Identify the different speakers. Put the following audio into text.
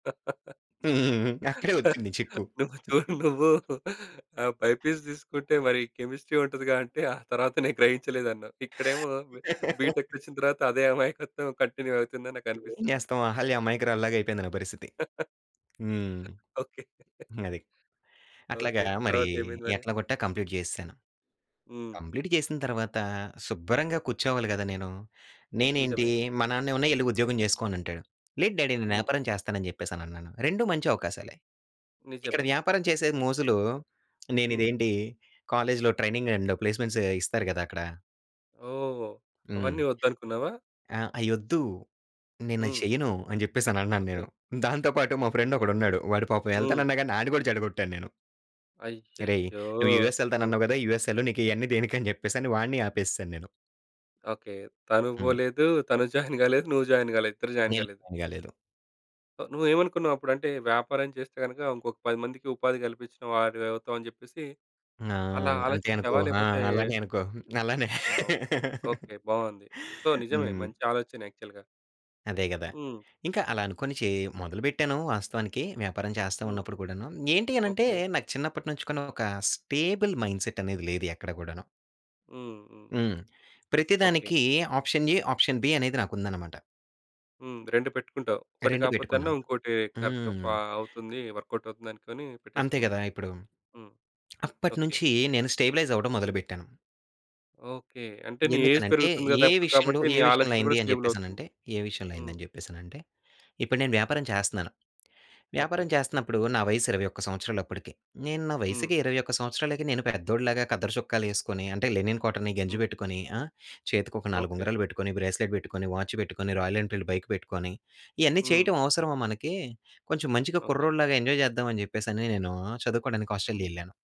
Speaker 1: అక్కడే ఒచ్చింది చిక్కు.
Speaker 2: నువ్వు చూడు నువ్వు ఆ బైపీసీ తీసుకుంటే మరి కెమిస్ట్రీ ఉంటదిగా అంటే ఆ తర్వాత నేను గ్రహించలేదన్నావు. ఇక్కడేమో బి బీటెక్‌కొచ్చిన తర్వాత అదే అమాయకత్వం కంటిన్యూ అవుతుందని
Speaker 1: ఏం
Speaker 2: నాకనిపిస్తుంది.
Speaker 1: చేస్తాం. అహల్య అమాయకురాలు లాగా అయిపోయింది నా పరిస్థితి. హ్మ్.
Speaker 2: ఓకే.
Speaker 1: అది. అట్లాగా
Speaker 2: ఓకే.
Speaker 1: మరీ
Speaker 2: తరువాతేమైంది మరి?
Speaker 1: ఎట్లా కొట్టా కంప్లీట్ చేసేసాను.
Speaker 2: హ్మ్.
Speaker 1: కంప్లీట్ చేసిన తర్వాత శుబ్బరంగా కూర్చోవాలి గదా! నేను. నేనేంటి
Speaker 2: నిజమే.
Speaker 1: మా నాన్నేమన్న "ఎళ్లి ఉద్యోగం చేసుకోనంటాడు." "లేదు డ్యాడీ నేను
Speaker 2: హ్మ్.
Speaker 1: వ్యాపారం చేస్తాను" అని చెప్పేసి అని అన్నాను. 2 మంచి అవకాశాలే. ఇక్కడ
Speaker 2: నిజమే.
Speaker 1: వ్యాపారం చేసే మోజులో నేను
Speaker 2: హ్మ్.
Speaker 1: ఇదేంటి కాలేజ్‌లో ట్రైనింగ్ అండ్ ప్లేస్మెంట్సే ఇస్తారు కదక్కడ.
Speaker 2: ఓహ్!
Speaker 1: హ్మ్.
Speaker 2: అవన్నీ వద్దనుకున్నావా?
Speaker 1: ఆ! అయొద్దు. నేనది
Speaker 2: హ్మ్.
Speaker 1: చేయను అని చెప్పేసన్నాను
Speaker 2: ఓకే.
Speaker 1: నేను. దాంతో పాటు మా
Speaker 2: అయ్యయ్యో!
Speaker 1: ఫ్రెండొకడున్నాడు. వాడు పాపం
Speaker 2: హ్మ్.
Speaker 1: ఎళ్తానన్నాగానీ ఆడిని కూడా చెడగొట్టాను నేను. "అరేయ్!
Speaker 2: అయ్యయ్యో!
Speaker 1: నువ్వు యూఎస్
Speaker 2: హ్మ్.
Speaker 1: ఎళ్తానన్నావు కదా! యూఎస్ ఏళ్లు నీకియన్నీ దేనికని చెప్పేసి" వాడిని ఆపేసాను నేను.
Speaker 2: ఓకే. తనూ
Speaker 1: హ్మ్.
Speaker 2: బోలేదు, తను జాయిన్ కాలేదు నువ్వు జాయిన్ కాలేదు. ఇద్దరు జాయిన్
Speaker 1: నేను
Speaker 2: కాలేదు.
Speaker 1: జాయిన్ కాలేదు.
Speaker 2: ఓహ్! నువ్వు ఏమనుకున్నావప్పుడంటే వ్యాపారం చేస్తే గనుక ఇంకొక 10 మందికి ఉపాధి కల్పించిన వారివవుతాం అని చెప్పేసి
Speaker 1: ఆ!
Speaker 2: అలా
Speaker 1: అంతే అనుకో
Speaker 2: ఆలోచించావా?
Speaker 1: ఆ!
Speaker 2: లేకపోతే
Speaker 1: అలాగే అనుకో అలానే.
Speaker 2: ఆ! ఒ ఓకే. బావుంది. సో, నిజమే
Speaker 1: హ్మ్.
Speaker 2: మంచి ఆలోచనే యాక్చువల్‌గా.
Speaker 1: అదే గదా!
Speaker 2: హ్మ్.
Speaker 1: ఇంకా అలానుకోని చే మొదలు పెట్టాను. వాస్తవానికి వ్యాపారం చేస్తా
Speaker 2: హ్మ్.
Speaker 1: ఉన్నప్పుడు కూడాను. ఏంటి అనంటే
Speaker 2: ఓకే.
Speaker 1: నాకు చిన్నప్పటి నుంచి ఒక స్టేబుల్ మైండ్‌సెట్ అనేది లేదు ఎక్కడ గూడాను.
Speaker 2: హ్మ్. హ్మ్.
Speaker 1: హ్మ్. ప్రతి
Speaker 2: ఓకే.
Speaker 1: దానికి ఆప్షన్ ఎ, ఆప్షన్ బి అనేది నాకుందనమాట.
Speaker 2: హ్మ్. 2 పెట్టుకుంటావు. ఒకటి
Speaker 1: 2
Speaker 2: కాకపోతే అన్న
Speaker 1: పెట్టుకున్నాను.
Speaker 2: ఇంకోటి కరెక్ట్ ఫా
Speaker 1: హ్మ్.
Speaker 2: అవుతుంది. వర్కౌటవుతుందనుకోని
Speaker 1: అంతే
Speaker 2: పెట్టేసుకున్నావు.
Speaker 1: కదా! ఇప్పుడు
Speaker 2: హ్మ్. ఓకే.
Speaker 1: అప్పటినుంచి నేను స్టెబిలైజవ్వడం మొదలు పెట్టాను.
Speaker 2: ఓకే. అంటే నీ ఏజ్
Speaker 1: ఎందుకనంటే
Speaker 2: పెరుగుతుంది గదా!
Speaker 1: ఏ విషయంలో
Speaker 2: కాబట్టి నీ
Speaker 1: ఏ
Speaker 2: ఆలోచన కూడా
Speaker 1: విషయంలైందని
Speaker 2: స్టేబులవుతుంది.
Speaker 1: చెప్పేసనంటే, ఏ విషయంలైంది
Speaker 2: హ్మ్.
Speaker 1: అని చెప్పేసనంటే ఇప్పుడు నేను వ్యాపారం చేస్తున్నాను వ్యాపారం
Speaker 2: ఓకే.
Speaker 1: చేస్తనప్పుడు నా వయస్సు 21 సంవత్సరాలప్పడికి. నేను నా
Speaker 2: హ్మ్.
Speaker 1: వయసుకి 21 సంవత్సరాలకి నేను పెద్దోడిలాగా కద్దర చొక్కాలేసుకొని అంటే లెనిన్ కాటన్ని గంజి
Speaker 2: హ్మ్.
Speaker 1: పెట్టుకొని ఆ! చేతికి ఒక 4
Speaker 2: ఓకే.
Speaker 1: ఉంగరాలు పెట్టుకొని, బ్రేస్‌లెట్ పెట్టుకొని, వాచ్ పెట్టుకొని, 'రాయల్ ఎన్‌ఫీల్డ్' బైక్ పెట్టుకొని ఇయన్నీ
Speaker 2: హ్మ్.
Speaker 1: చేయటం అవసరమా మనకి కొంచెం మంచిగా
Speaker 2: ఓకే.
Speaker 1: కుర్రోడిలాగా ఎంజాయ్ చేద్దామని చెప్పేసని నేను చదువుకోడానికి 'ఆస్ట్రేలియా'
Speaker 2: హ్మ్.
Speaker 1: ఎళ్ళాను.